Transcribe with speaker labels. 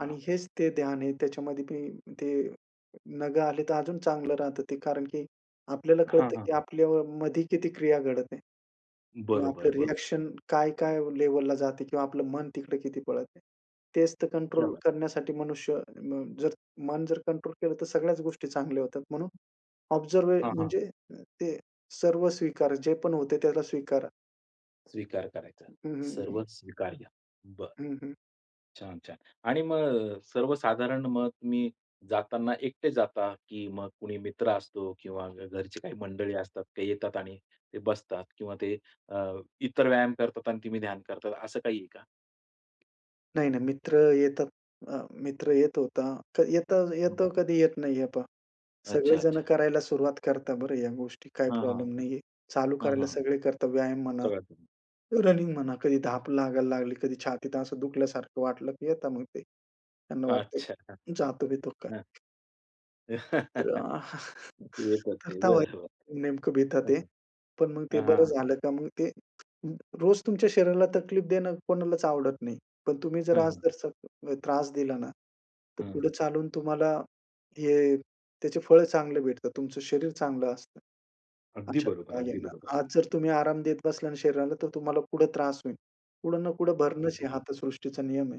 Speaker 1: आणि हेच ते ध्यान आहे त्याच्यामध्ये मी ते नगं आले तर अजून चांगलं राहतं ते कारण की आपल्याला
Speaker 2: हां,
Speaker 1: कळतं
Speaker 2: हां.
Speaker 1: की आपल्यावर मध्ये किती क्रिया घडते, किंवा
Speaker 2: बरोबर,
Speaker 1: आपलं
Speaker 2: बरोबर.
Speaker 1: रिअ‍ॅक्शन काय-काय लेव्हलला जाते किंवा आपलं मन तिकडे किती पळतं. तेच तर
Speaker 2: क्या
Speaker 1: कंट्रोल
Speaker 2: बात.
Speaker 1: करण्यासाठी मनुष्य अ, जर मन जर कंट्रोल केलं तर सगळ्याच गोष्टी चांगल्या होतात. म्हणून ऑब्झर्व्ह
Speaker 2: हां, हां.
Speaker 1: म्हणजे ते सर्व स्वीकार. जे पण होते त्याला स्वीकारा.
Speaker 2: स्वीकार करायचा.
Speaker 1: हं, हं. हं.
Speaker 2: सर्वच स्वीकार्य. बरं.
Speaker 1: हं, हं.
Speaker 2: छान, छान. आणि मग सर्वसाधारण मग तुम्ही जाताना एकटे जाता की मग कुणी मित्र असतो किंवा घरची काही मंडळी असतात ते येतात आणि ते बसतात किंवा ते अ, इतर व्यायाम करतात आणि तुम्ही ध्यान करतात असं काही आहे का?
Speaker 1: नाही, नाही मित्र येतात. अ, मित्र येत होता. येत
Speaker 2: हं.
Speaker 1: येतो कधी येत नाही. हे पहा,
Speaker 2: अच्छा,
Speaker 1: सगळेजणं
Speaker 2: अच्छा.
Speaker 1: करायला सुरुवात करतात बरं या गोष्टी काही
Speaker 2: हां, हां.
Speaker 1: प्रॉब्लेम नाहीये. चालू
Speaker 2: हां,
Speaker 1: करायला
Speaker 2: हां.
Speaker 1: सगळे करतात व्यायाम म्हणा,
Speaker 2: सगळं.
Speaker 1: रनिंग म्हणा. कधी धाप लागायला लागली, कधी छातीत असं दुखल्यासारखं वाटलं की येता मग ते. त्यांना
Speaker 2: अच्छा.
Speaker 1: वाटतंय जातो-बितो काय.
Speaker 2: हां.
Speaker 1: तर अ,
Speaker 2: येतात ते.
Speaker 1: करता ते
Speaker 2: बरं, बरं.
Speaker 1: नेमकं भीता ते.
Speaker 2: ओके,
Speaker 1: पण मग ते
Speaker 2: हां,
Speaker 1: बरं
Speaker 2: हां.
Speaker 1: झालं का मग ते रोज तुमच्या शरीराला तकलीफ देणं कोणालाच आवडत नाही. पण तुम्ही जर
Speaker 2: हं,
Speaker 1: आज
Speaker 2: हं.
Speaker 1: जर त्रास दिला ना, तर
Speaker 2: हं.
Speaker 1: पुढे चालून तुम्हाला हे त्याचे फळं चांगले भेटतात. तुमचं शरीर चांगलं असतं,
Speaker 2: अगदी
Speaker 1: अशातला
Speaker 2: बरोबर,
Speaker 1: भाग
Speaker 2: अगदी बरोबर.
Speaker 1: आहे. आज जर तुम्ही आराम देत बसला ना, शरीराला तर तुम्हाला पुढे त्रास होईल. कुठं ना कुठं
Speaker 2: हां,
Speaker 1: भरणच आहे. हा
Speaker 2: ओके.
Speaker 1: तर सृष्टीचा नियम आहे.